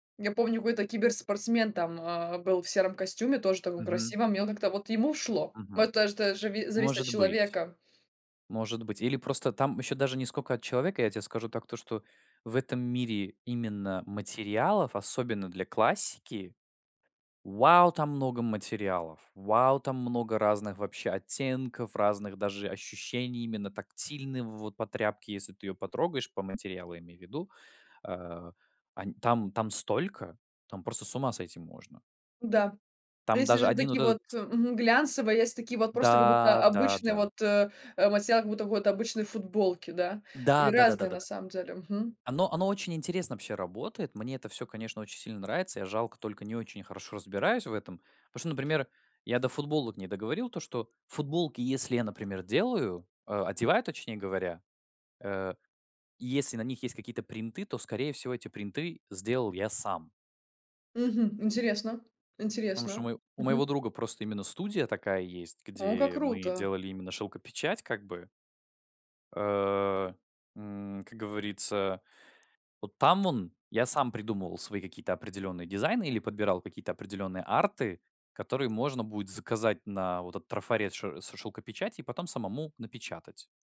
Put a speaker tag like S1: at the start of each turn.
S1: Я помню, в это киберспортсмен там, а, был в сером костюме, тоже таком
S2: Мгм.
S1: красивом, и он, как-то вот ему шло.
S2: Мгм.
S1: Это ж та жави зависит от
S2: Может быть.
S1: человека.
S2: Может быть. Или просто там еще даже не скока от человека. Я тебе скажу так, то что в этом мире именно материалов, особенно для классики- вау, там много материалов! Вау, там много разных вообще оттенков, разных даже ощущений именно тактильной, вот, по тряпке, если ты ее потрогаешь, по материалу, я имею ввиду. Э, они там там столько, там просто с ума сойти можно.
S1: Да, а
S2: Там
S1: если
S2: даже
S1: же
S2: 1 вот
S1: такие вот,
S2: этот с
S1: э, мгм, глянцевые, есть такие вот просто, как будто,
S2: Да, да,
S1: обычный
S2: да.
S1: вот, э, э, материал, как будто вот обычной футболки, да, и
S2: Да да да да
S1: разные,
S2: да
S1: на
S2: да.
S1: самом деле. Мгм.
S2: Оно оно очень интересно вообще работает. Мне это всё, конечно, очень сильно нравится. Я, жалко, только не очень хорошо разбираюсь в этом. Потому что, например, я до футболок не договорил, то что футболки, если я, например, делаю, э, одеваю, точнее говоря, э, и если на них есть какие-то принты, то, скорее всего, эти принты сделал я сам.
S1: Мгм. Интересно,
S2: Потому что у
S1: интересно.
S2: мое у моего
S1: Мгм.
S2: друга просто именно студия такая есть,
S1: О, как
S2: где мы
S1: круто.
S2: делали именно шёлкопечать, как бы. Э, м, как говорится, вот там он, я сам придумывал свои какие-то определенные дизайны или подбирал какие-то определенные арты, которые можно будет заказать на вот этот трафарет шё с шёлкопечати, и потом самому напечатать.